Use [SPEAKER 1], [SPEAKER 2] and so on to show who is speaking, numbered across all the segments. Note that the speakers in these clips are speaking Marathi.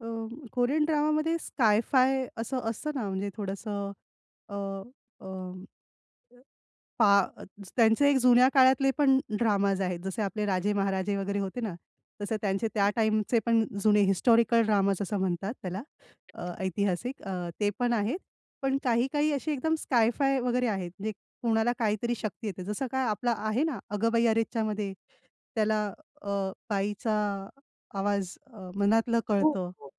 [SPEAKER 1] अ, कोरियन ड्रामामध्ये स्काय-फाय असं असतं ना, म्हणजे थोडसं अ, अ, अ, पा अ, त्यांचे एक जुन्या काळातले पण ड्रामाज आहेत, जसे आपले राजे महाराजे वगैरे होते ना, तसे त्यांचे त्या
[SPEAKER 2] हं.
[SPEAKER 1] टाईमचे पण जुने हिस्टॉरिकल ड्रामाज असं म्हणतात त्याला. अ,
[SPEAKER 2] अच्छा.
[SPEAKER 1] ऐतिहासिक अ, ते पण आहेत. पण काही-काही अशी एकदम स्काय-फाय वगैरे आहेत. म्हणजे कोणाला काहीतरी शक्ती येते. जसं काय आपला आहे ना, "अगं बाई अरेच्चामध्ये" त्याला अ, बाईचा आवाज अ, मनातलं
[SPEAKER 2] हो,
[SPEAKER 1] कळतं.
[SPEAKER 2] हो.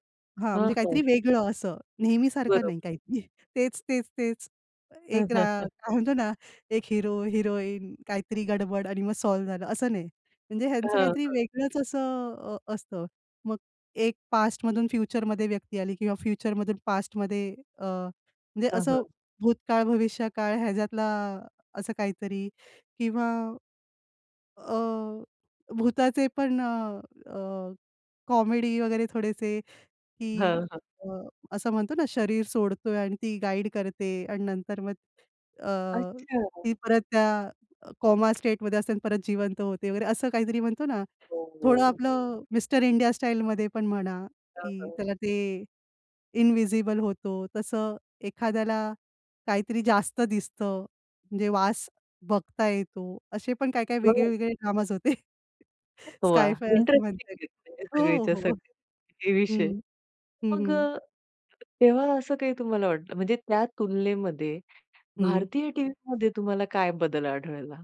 [SPEAKER 1] हां,
[SPEAKER 2] हां,
[SPEAKER 1] म्हणजे
[SPEAKER 2] हां.
[SPEAKER 1] काहीतरी वेगळं असं नेहमी सारखं
[SPEAKER 2] बरोब
[SPEAKER 1] नाही, काहीतरी तेच, तेच, तेच. एक रा काय म्हणतो ना, एक हीरो, हिरोईन काहीतरी गडबड आणि मग सॉल्व्ह झालं असं नाही. म्हणजे ह्यांचं
[SPEAKER 2] हां,
[SPEAKER 1] काहीतरी
[SPEAKER 2] हां.
[SPEAKER 1] वेगळंच असं अ, असतं. मग एक पास्टमधून फ्युचरमध्ये व्यक्ती आली किंवा फ्युचरमधून पास्टमध्ये अ, म्हणजे
[SPEAKER 2] हां,
[SPEAKER 1] असं
[SPEAKER 2] हां.
[SPEAKER 1] भूतकाळ, भविष्यकाळ ह्याच्यातला असं काहीतरी किंवा अ, भुताचे पण अ, अ, कॉमेडी वगैरे थोडेसे की
[SPEAKER 2] हां, हां.
[SPEAKER 1] अ, असं म्हणतो ना, शरीर सोडतोय आणि ती गाईड करते आणि नंतर मग अ,
[SPEAKER 2] अच्छा.
[SPEAKER 1] ती परत त्या कॉमा स्टेटमध्ये असते आणि परत जिवंत होते वगैरे असं काहीतरी म्हणतो ना,
[SPEAKER 2] हो,
[SPEAKER 1] थोडं
[SPEAKER 2] हो.
[SPEAKER 1] आपलं मिस्टर इंडिया स्टाईलमध्ये पण म्हणा
[SPEAKER 2] हां,
[SPEAKER 1] की
[SPEAKER 2] हां.
[SPEAKER 1] त्याला ते इन्व्हिजिबल होतो, तसं एखाद्याला काहीतरी जास्त दिसतं, म्हणजे वास बघता येतो असे पण काही-काही
[SPEAKER 2] बरं.
[SPEAKER 1] वेगळे-वेगळे ड्रामाज होते.
[SPEAKER 2] वाह!
[SPEAKER 1] स्काय-फाय असं
[SPEAKER 2] इंटरेस्टिंग
[SPEAKER 1] म्हणता येईल.
[SPEAKER 2] आहे हे
[SPEAKER 1] हो,
[SPEAKER 2] सगळेच्या
[SPEAKER 1] हो, हो.
[SPEAKER 2] सगळे हे विषय.
[SPEAKER 1] हं. हं,
[SPEAKER 2] मग
[SPEAKER 1] हं.
[SPEAKER 2] अ, तेव्हा असं काही तुम्हाला वाटलं म्हणजे त्या तुलनेमध्ये
[SPEAKER 1] हं.
[SPEAKER 2] भारतीय टीव्हीमध्ये तुम्हाला काय बदल आढळला?